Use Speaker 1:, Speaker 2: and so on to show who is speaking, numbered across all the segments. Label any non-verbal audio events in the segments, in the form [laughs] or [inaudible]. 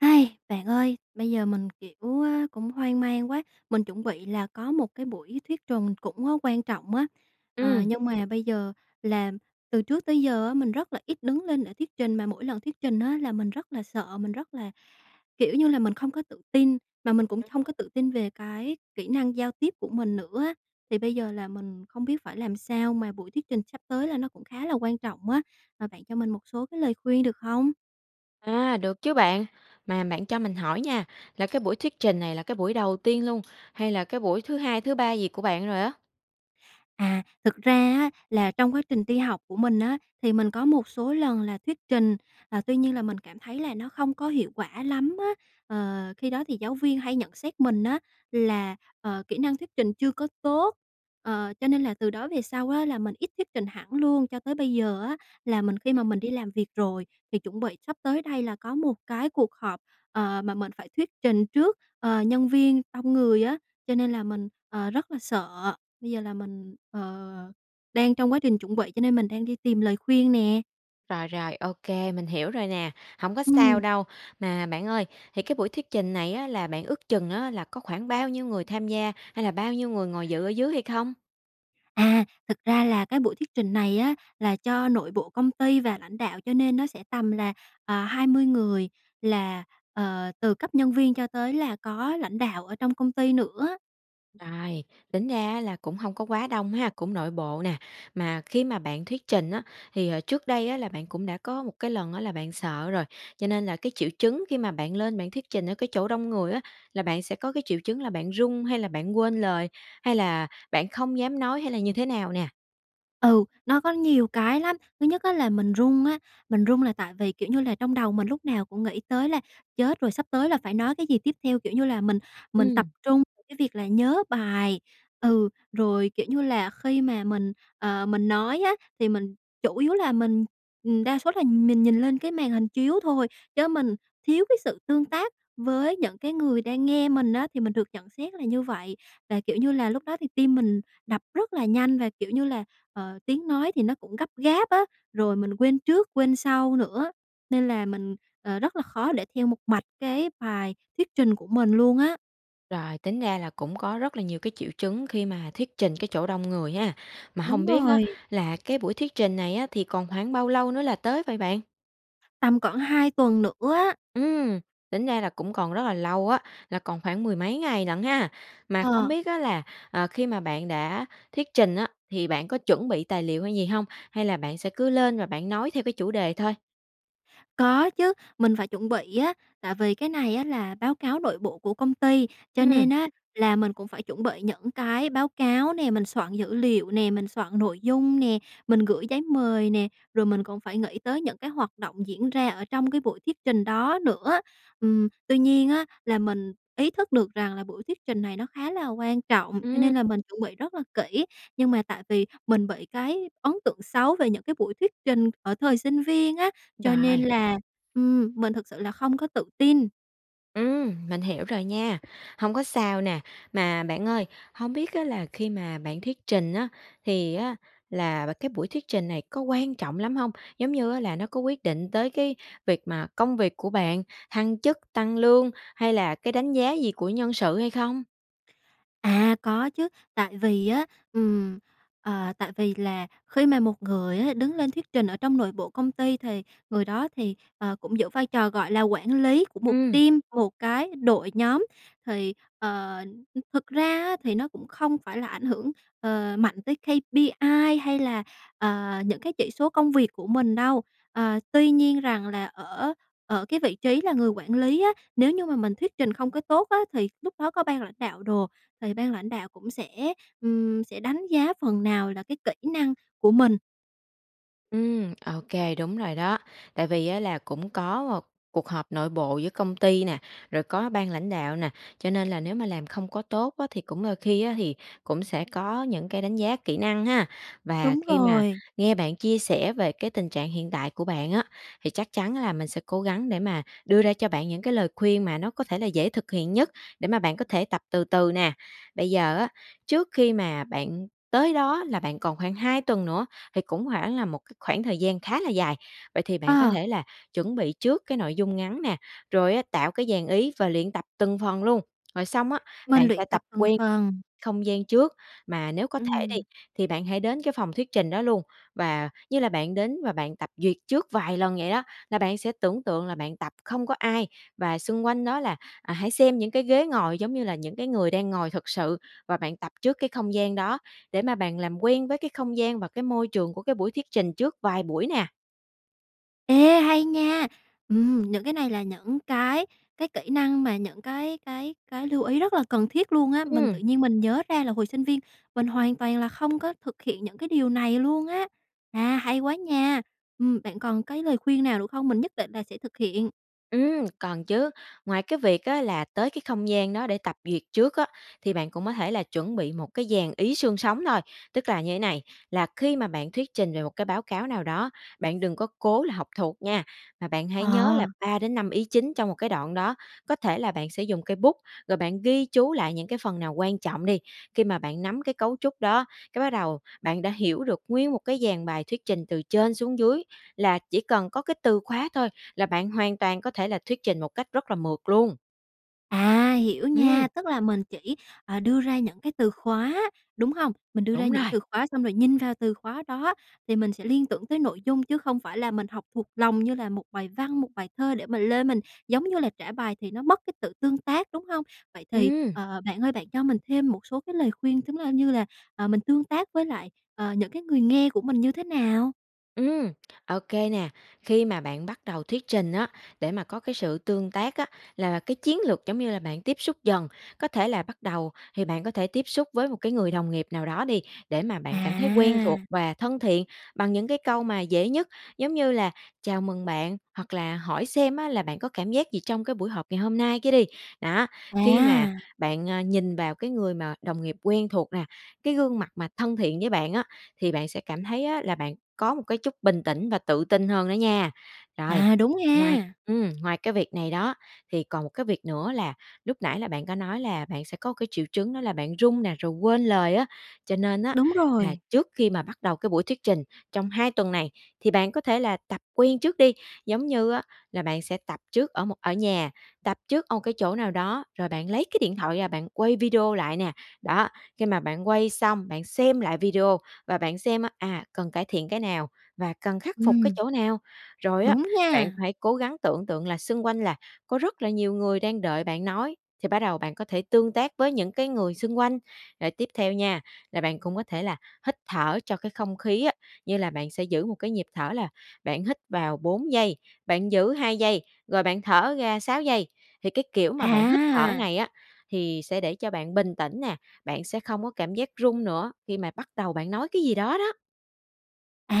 Speaker 1: [sighs] Bạn ơi, bây giờ mình, kiểu, a, cũng hoang mang quá, mình chuẩn bị là có một cái buổi thuyết trùng cũng á quan trọng á, à,
Speaker 2: Ừm.
Speaker 1: nhưng mà bây giờ làm từ trước tới giờ á mình rất là ít đứng lên để thuyết trình, mà mỗi lần thuyết trình á là mình rất là sợ, mình rất là, kiểu như là, mình không có tự tin, mà mình cũng hông có
Speaker 2: [unintelligible]
Speaker 1: tự tin về cái kỹ năng giao tiếp của mình nữa á. Thì bây giờ là mình không biết phải làm sao, mà buổi thuyết trình sắp tới là nó cũng khá là quan trọng á, mà bạn cho mình một số cái lời khuyên được hông?
Speaker 2: À, được chứ bạn. Mà bạn cho mình hỏi nha, là cái buổi thuyết trình này là cái buổi đầu tiên luôn, hay là cái buổi thứ hai, thứ ba gì của bạn rồi á?
Speaker 1: À, thực ra á là trong quá trình đi học của mình á, thì mình có một số lần là thuyết trình, à, tuy nhiên là mình cảm thấy là nó không có hiệu quả lắm á. Ờ, khi đó thì giáo viên hay nhận xét mình á là, ờ, kỹ năng thuyết trình chưa có tốt. Ờ, cho nên là từ đó về sau á là mình ít thuyết trình hẳn luôn. Cho tới bây giờ á là mình khi
Speaker 2: Ừm.
Speaker 1: mà mình đi làm việc rồi, thì chuẩn bị sắp tới đây là có một cái cuộc họp, ờ, mà mình phải thuyết trình trước, ờ, nhân viên, đông người á, cho nên là mình, ờ, rất là sợ. Bây giờ là mình, ờ, đang trong quá trình chuẩn bị cho nên mình đang đi tìm lời khuyên nè.
Speaker 2: Rồi, rồi, ô kê, mình hiểu rồi nè, hổng có sao
Speaker 1: Ừm.
Speaker 2: đâu. Mà bạn ơi, thì cái buổi thuyết trình này á là bạn ước chừng á là có khoảng bao nhiêu người tham gia hay là bao nhiêu người ngồi dự ở dưới hay không?
Speaker 1: À, thực ra là cái buổi thuyết trình này á là cho nội bộ công ty và lãnh đạo, cho nên nó sẽ tầm là, ờ, 20 người là, ờ, từ cấp nhân viên cho tới là có lãnh đạo ở trong công ty nữa.
Speaker 2: Ai, tính ra á là cũng hông có quá đông ha? Cũng nội bộ nè. Mà khi mà bạn thuyết trình á thì hồi trước đây á là bạn cũng đã có một cái lần á là bạn sợ rồi. Cho nên là cái triệu chứng khi mà bạn lên bạn thuyết trình ở cái chỗ đông người á, là bạn sẽ có cái triệu chứng là bạn run hay là bạn quên lời? Hay là bạn không dám nói? Hay là như thế nào nè?
Speaker 1: Ừ, nó có nhiều cái lắm. Thứ nhất á là mình run á, mình run là tại vì, kiểu như là, trong đầu mình lúc nào cũng nghĩ tới là "Chết rồi, sắp tới là phải nói cái gì tiếp theo?" Kiểu như là, mình mình tập
Speaker 2: Ừm.
Speaker 1: trung cái việc là nhớ bài, ừ. Rồi, kiểu như là, khi mà mình, ờ, mình nói á thì mình chủ yếu là mình, ừm, đa số là nhìn nhìn lên cái màn hình chiếu thôi, chớ mình thiếu cái sự tương tác với những cái người đang nghe mình á, thì mình được nhận xét là như vậy. Và, kiểu như là, lúc đó thì tim mình đập rất là nhanh và, kiểu như là, ờ, tiếng nói thì nó cũng gấp gáp á, rồi mình quên trước quên sau nữa, nên là mình, ờ, rất là khó để theo một mạch cái bài thuyết trình của mình luôn á.
Speaker 2: Rồi, tính ra là cũng có rất là nhiều cái triệu chứng khi mà thuyết trình cái chỗ đông người ha. Mà
Speaker 1: Đúng
Speaker 2: hông biết á
Speaker 1: rồi.
Speaker 2: là cái buổi thuyết trình này á, thì còn khoảng bao lâu nữa là tới vậy bạn?
Speaker 1: Tầm khoảng 2 tuần nữa á.
Speaker 2: Ừm, tính ra là cũng còn rất là lâu á, là còn khoảng mười mấy ngày lận ha. Mà không
Speaker 1: Ờ.
Speaker 2: biết á là, ờ, khi mà bạn đã thuyết trình á, thì bạn có chuẩn bị tài liệu hay gì hông? Hay là bạn sẽ cứ lên và bạn nói theo cái chủ đề thôi?
Speaker 1: Có chứ, mình phải chuẩn bị á. Tại vì cái này á là báo cáo nội bộ của công ty, cho
Speaker 2: Ừm.
Speaker 1: nên á là mình cũng phải chuẩn bị những cái báo cáo nè, mình soạn dữ liệu nè, mình soạn nội dung nè, mình gửi giấy mời nè, rồi mình còn phải nghĩ tới những cái hoạt động diễn ra ở trong cái buổi thuyết trình đó nữa. Ừm, tuy nhiên á là mình ý thức được rằng là buổi thuyết trình này nó khá là quan trọng, cho
Speaker 2: Ừm.
Speaker 1: nên là mình chuẩn bị rất là kỹ. Nhưng mà tại vì mình bị cái ấn tượng xấu về những cái buổi thuyết trình ở thời sinh viên á, cho nên
Speaker 2: Rồi.
Speaker 1: là, ừm, mình thực sự là không có tự tin.
Speaker 2: Ừm, mình hiểu rồi nha, hông có sao nè. Mà bạn ơi, hông biết á là khi mà bạn thuyết trình á, thì á là và cái buổi thuyết trình này có quan trọng lắm hông? Giống như á là nó có quyết định tới cái việc mà công việc của bạn, thăng chức, tăng lương, hay là cái đánh giá gì của nhân sự hay không?
Speaker 1: À, có chứ, tại vì á, ừm, ờ, tại vì là khi mà một người á đứng lên thuyết trình ở trong nội bộ công ty thì người đó thì, ờ, cũng giữ vai trò, gọi là, quản lý của một
Speaker 2: Ừm.
Speaker 1: team, một cái đội nhóm. Thì, ờ, ừm, thực ra á thì nó cũng không phải là ảnh hưởng, ờ, mạnh tới KPI hay là, à, những cái chỉ số công việc của mình đâu. À, tuy nhiên rằng là ở ở cái vị trí là người quản lý á, nếu như mà mình thuyết trình không có tốt á thì lúc đó có ban lãnh đạo đồ, thì ban lãnh đạo cũng sẽ, ừm, sẽ đánh giá phần nào là cái kỹ năng của mình.
Speaker 2: Ừm, ô kê, đúng rồi đó. Tại vì á là cũng có một cuộc họp nội bộ giữa công ty nè, rồi có ban lãnh đạo nè, cho nên là nếu mà làm không có tốt á thì cũng đôi khi á thì cũng sẽ có những cái đánh giá kỹ năng ha? Và
Speaker 1: Đúng
Speaker 2: khi mà
Speaker 1: rồi.
Speaker 2: nghe bạn chia sẻ về cái tình trạng hiện tại của bạn á, thì chắc chắn á là mình sẽ cố gắng để mà đưa ra cho bạn những cái lời khuyên mà nó có thể là dễ thực hiện nhất, để mà bạn có thể tập từ từ nè. Bây giờ á, trước khi mà bạn tới đó là bạn còn khoảng 2 tuần nữa, thì cũng hoảng là một cái khoảng thời gian khá là dài, vậy thì bạn có
Speaker 1: À.
Speaker 2: thể là chuẩn bị trước cái nội dung ngắn nè, rồi á, tạo cái dàn ý và luyện tập từng phần luôn. Rồi xong á,
Speaker 1: Mình
Speaker 2: bạn sẽ
Speaker 1: luyện
Speaker 2: tập
Speaker 1: tập từng
Speaker 2: quen
Speaker 1: phần.
Speaker 2: không gian trước, mà nếu có thể đi,
Speaker 1: Ừm.
Speaker 2: thì bạn hãy đến cái phòng thuyết trình đó luôn, và như là bạn đến và bạn tập duyệt trước vài lần vậy á, là bạn sẽ tưởng tượng là bạn tập không có ai. Và xung quanh đó là, à, hãy xem những cái ghế ngồi giống như là những cái người đang ngồi thực sự và bạn tập trước cái không gian đó để mà bạn làm quen với cái không gian và cái môi trường của cái buổi thuyết trình trước vài buổi nè.
Speaker 1: Ê, hay nha! Ừm, những cái này là những cái cái kỹ năng mà những cái cái cái lưu ý rất là cần thiết luôn á. Mình tự
Speaker 2: Ừm.
Speaker 1: nhiên mình nhớ ra là hồi sinh viên mình hoàn toàn là không có thực hiện những cái điều này luôn á. À, hay quá nha! Ừm, bạn còn cái lời khuyên nào nữa không? Mình nhất định là sẽ thực hiện.
Speaker 2: Ừm, còn chứ. Ngoài cái việc á là tới cái không gian đó để tập duyệt trước á, thì bạn cũng có thể là chuẩn bị một cái dàn ý xương sống thôi. Tức là như thế này, là khi mà bạn thuyết trình về một cái báo cáo nào đó, bạn đừng có cố là học thuộc nha, mà bạn hãy nhớ là
Speaker 1: Ờ.
Speaker 2: 3 đến 5 ý chính trong một cái đoạn đó. Có thể là bạn sẽ dùng cây bút, rồi bạn ghi chú lại những cái phần nào quan trọng đi. Khi mà bạn nắm cái cấu trúc đó, cái bắt đầu bạn đã hiểu được nguyên một cái dàn bài thuyết trình từ trên xuống dưới, là chỉ cần có cái từ khóa thôi là bạn hoàn toàn có thể là thuyết trình một cách rất là mượt luôn.
Speaker 1: À, hiểu
Speaker 2: Ừm.
Speaker 1: nha. Tức là mình chỉ, à, đưa ra những cái từ khóa, đúng hông? Mình đưa ra
Speaker 2: Đúng
Speaker 1: những
Speaker 2: rồi.
Speaker 1: từ khóa, xong rồi nhìn vào từ khóa đó thì mình sẽ liên tưởng tới nội dung, chứ không phải là mình học thuộc lòng như là một bài văn, một bài thơ để mình lên, mình, giống như là, trả bài thì nó mất cái sự tương tác, đúng hông? Vậy thì,
Speaker 2: Ừm.
Speaker 1: ờ, bạn ơi, bạn cho mình thêm một số cái lời khuyên tính ra như là, ờ, mình tương tác với lại, ờ, những cái người nghe của mình như thế nào?
Speaker 2: Ừm, ô kê nè. Khi mà bạn bắt đầu thuyết trình á, để mà có cái sự tương tác á, là là cái chiến lược giống như là bạn tiếp xúc dần. Có thể là bắt đầu, thì bạn có thể tiếp xúc với một cái người đồng nghiệp nào đó đi, để mà bạn cảm thấy quen thuộc
Speaker 1: À!
Speaker 2: và thân thiện bằng những cái câu mà dễ nhất. Giống như là "chào mừng bạn", hoặc là hỏi xem á là "bạn có cảm giác gì trong cái buổi họp ngày hôm nay" cái đi. Đó, khi mà
Speaker 1: À!
Speaker 2: bạn, à, nhìn vào cái người mà đồng nghiệp quen thuộc nè, cái gương mặt mà thân thiện với bạn á, thì bạn sẽ cảm thấy, á, là bạn có một cái chút bình tĩnh và tự tin hơn đó nha. Rồi,
Speaker 1: À, đúng
Speaker 2: ngoài
Speaker 1: nha!
Speaker 2: ừm, ngoài cái việc này đó, thì còn một cái việc nữa là lúc nãy là bạn có nói là bạn sẽ có cái triệu chứng, đó là bạn run nè, rồi quên lời á. Cho nên á,
Speaker 1: Đúng
Speaker 2: là
Speaker 1: rồi!
Speaker 2: trước khi mà bắt đầu cái buổi thuyết trình, trong 2 tuần này, thì bạn có thể là tập quen trước đi, giống như á là bạn sẽ tập trước ở một ở nhà, tập trước ở một cái chỗ nào đó, rồi bạn lấy cái điện thoại ra bạn quay video lại nè. Đó, khi mà bạn quay xong, bạn xem lại video và bạn xem, à, cần cải thiện cái nào và cần khắc phục cái
Speaker 1: Ừm.
Speaker 2: chỗ nào. Rồi á,
Speaker 1: Đúng
Speaker 2: bạn
Speaker 1: nha!
Speaker 2: phải cố gắng tưởng tượng là xung quanh là có rất là nhiều người đang đợi bạn nói, thì bắt đầu bạn có thể tương tác với những cái người xung quanh. Rồi tiếp theo nha, là bạn cũng có thể là hít thở cho cái không khí á, như là bạn sẽ giữ một cái nhịp thở là bạn hít vào 4 giây, bạn giữ 2 giây, rồi bạn thở ra 6 giây. Thì cái kiểu mà bạn hít thở
Speaker 1: À!
Speaker 2: này á, thì sẽ để cho bạn bình tĩnh nè, bạn sẽ không có cảm giác run nữa khi mà bắt đầu bạn nói cái gì đó đó.
Speaker 1: À,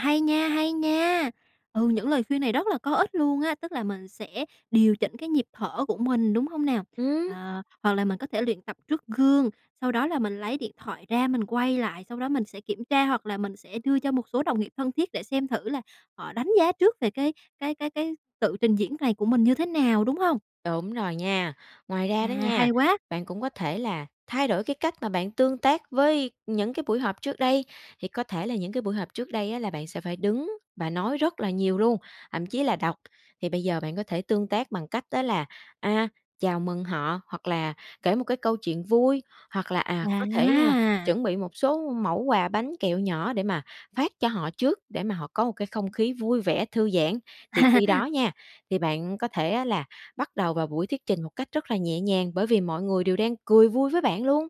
Speaker 1: hay nha, hay nha! Ừ, những lời khuyên này rất là có ích luôn á, tức là mình sẽ điều chỉnh cái nhịp thở của mình, đúng hông nào?
Speaker 2: Ừm.
Speaker 1: Ờ, hoặc là mình có thể luyện tập trước gương, sau đó là mình lấy điện thoại ra, mình quay lại, sau đó mình sẽ kiểm tra hoặc là mình sẽ đưa cho một số đồng nghiệp thân thiết để xem thử là họ đánh giá trước về cái cái cái cái tự trình diễn này của mình như thế nào, đúng hông?
Speaker 2: Đúng rồi nha. Ngoài ra đó
Speaker 1: À,
Speaker 2: nha,
Speaker 1: hay quá!
Speaker 2: bạn cũng có thể là thay đổi cái cách mà bạn tương tác với những cái buổi họp trước đây. Thì có thể là những cái buổi họp trước đây á là bạn sẽ phải đứng và nói rất là nhiều luôn, thậm chí là đọc, thì bây giờ bạn có thể tương tác bằng cách đó là, à, chào mừng họ, hoặc là kể một cái câu chuyện vui, hoặc là, à, có thể
Speaker 1: À!
Speaker 2: chuẩn bị một số mẩu quà bánh kẹo nhỏ để mà phát cho họ trước, để mà họ có một cái không khí vui vẻ, thư giãn. Thì khi đó
Speaker 1: [laughs]
Speaker 2: nha, thì bạn có thể á là bắt đầu vào buổi thuyết trình một cách rất là nhẹ nhàng bởi vì mọi người đều đang cười vui với bạn luôn.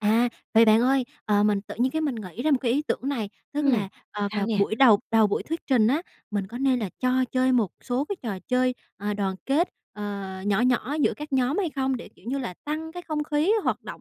Speaker 1: À. Vậy bạn ơi, ờ, mình tự nhiên cái mình nghĩ ra một cái ý tưởng này, tức
Speaker 2: Ừm,
Speaker 1: là, ờ,
Speaker 2: sao
Speaker 1: vào
Speaker 2: nè?
Speaker 1: buổi đầu đầu buổi thuyết trình á, mình có nên là cho chơi một số cái trò chơi, ờ, đoàn kết, ờ, nhỏ nhỏ giữa các nhóm hay không, để, kiểu như là, tăng cái không khí hoạt động,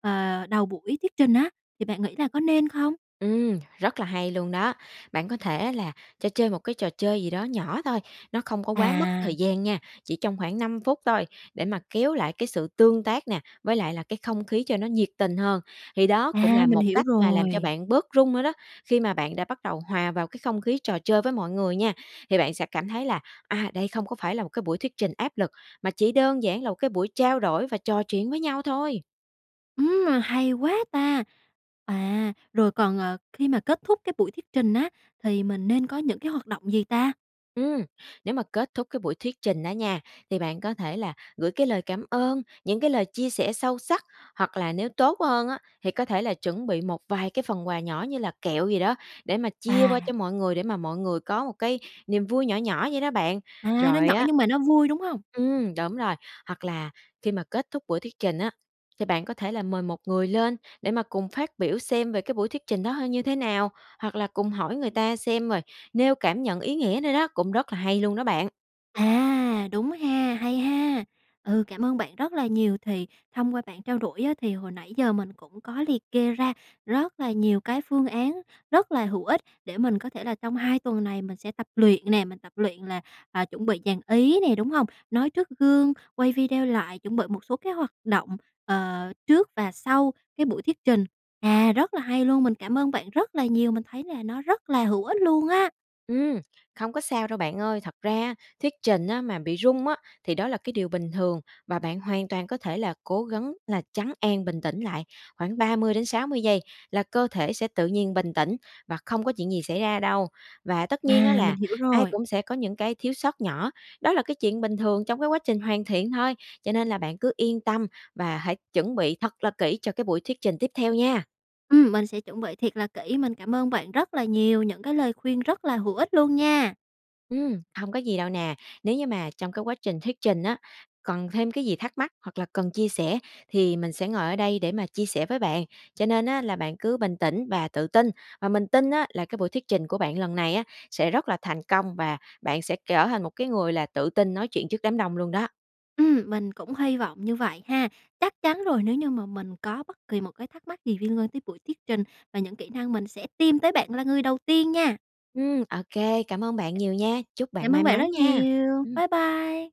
Speaker 1: ờ, đầu buổi thuyết trình á? Thì bạn nghĩ là có nên không?
Speaker 2: Ừm, rất là hay luôn đó! Bạn có thể là cho chơi một cái trò chơi gì đó nhỏ thôi, nó không có quá mất
Speaker 1: À.
Speaker 2: thời gian nha, chỉ trong khoảng 5 phút thôi, để mà kéo lại cái sự tương tác nè với lại là cái không khí cho nó nhiệt tình hơn. Thì đó cũng
Speaker 1: À,
Speaker 2: là
Speaker 1: mình
Speaker 2: một
Speaker 1: hiểu
Speaker 2: cách mà làm cho
Speaker 1: rồi!
Speaker 2: bạn bớt run nữa đó. Khi mà bạn đã bắt đầu hòa vào cái không khí trò chơi với mọi người nha, thì bạn sẽ cảm thấy là, à, đây không có phải là một cái buổi thuyết trình áp lực, mà chỉ đơn giản là một cái buổi trao đổi và trò chuyện với nhau thôi.
Speaker 1: Ừm, mà hay quá ta! À, rồi còn, à, khi mà kết thúc cái buổi thuyết trình á, thì mình nên có những cái hoạt động gì ta?
Speaker 2: Ừm, nếu mà kết thúc cái buổi thuyết trình đó nha, thì bạn có thể là gửi cái lời cảm ơn, những cái lời chia sẻ sâu sắc, hoặc là nếu tốt hơn á, thì có thể là chuẩn bị một vài cái phần quà nhỏ như là kẹo gì đó để mà chia qua
Speaker 1: À.
Speaker 2: cho mọi người, để mà mọi người có một cái niềm vui nhỏ nhỏ vậy đó bạn.
Speaker 1: À, nó
Speaker 2: Rồi
Speaker 1: nhỏ
Speaker 2: á
Speaker 1: nhưng mà nó vui, đúng hông?
Speaker 2: Ừm, đúng rồi, hoặc là khi mà kết thúc buổi thuyết trình á, thì bạn có thể là mời một người lên để mà cùng phát biểu xem về cái buổi thuyết trình đó h như thế nào, hoặc là cùng hỏi người ta xem rồi nêu cảm nhận ý nghĩa nữa đó, cũng rất là hay luôn đó bạn.
Speaker 1: À, đúng ha, hay ha! Ừ, cảm ơn bạn rất là nhiều, thì thông qua bạn trao đổi á thì hồi nãy giờ mình cũng có liệt kê ra rất là nhiều cái phương án rất là hữu ích để mình có thể là trong 2 tuần này mình sẽ tập luyện nè, mình tập luyện là, à, chuẩn bị dàn ý nè, đúng hông? Nói trước gương, quay video lại, chuẩn bị một số cái hoạt động, ờ, trước và sau cái buổi thuyết trình. À, rất là hay luôn, mình cảm ơn bạn rất là nhiều, mình thấy là nó rất là hữu ích luôn á.
Speaker 2: Ừm, không có sao đâu, bạn ơi. Thật ra, thuyết trình á mà bị run á thì đó là cái điều bình thường và bạn hoàn toàn có thể là cố gắng là trấn an, bình tĩnh lại khoảng 30 đến 60 giây là cơ thể sẽ tự nhiên bình tĩnh và không có chuyện gì xảy ra đâu. Và tất nhiên á
Speaker 1: À, mình
Speaker 2: là
Speaker 1: hiểu
Speaker 2: ai
Speaker 1: rồi.
Speaker 2: cũng sẽ có những cái thiếu sót nhỏ, đó là cái chuyện bình thường trong cái quá trình hoàn thiện thôi. Cho nên là bạn cứ yên tâm và hãy chuẩn bị thật là kỹ cho cái buổi thuyết trình tiếp theo nha.
Speaker 1: Ừm, mình sẽ chuẩn bị thiệt là kỹ. Mình cảm ơn bạn rất là nhiều, những cái lời khuyên rất là hữu ích luôn nha.
Speaker 2: Ừm, hông có gì đâu nè. Nếu như mà trong cái quá trình thuyết trình á, cần thêm cái gì thắc mắc hoặc là cần chia sẻ thì mình sẽ ngồi ở đây để mà chia sẻ với bạn, cho nên á là bạn cứ bình tĩnh và tự tin. Và mình tin á là cái buổi thuyết trình của bạn lần này á sẽ rất là thành công, và bạn sẽ trở thành một cái người là tự tin nói chuyện trước đám đông luôn đó.
Speaker 1: Ừm, mình cũng hy vọng như vậy ha. Chắc chắn rồi, nếu như mà mình có bất kỳ một cái thắc mắc gì liên quan tới buổi thuyết trình và những kỹ năng, mình sẽ tìm tới bạn là người đầu tiên nha.
Speaker 2: Ừm, ô kê. Cảm ơn bạn nhiều nha. Chúc bạn
Speaker 1: Cảm ơn
Speaker 2: may
Speaker 1: bạn
Speaker 2: mắn
Speaker 1: rất
Speaker 2: nha.
Speaker 1: nhiều.
Speaker 2: Ừm.
Speaker 1: Bye bye.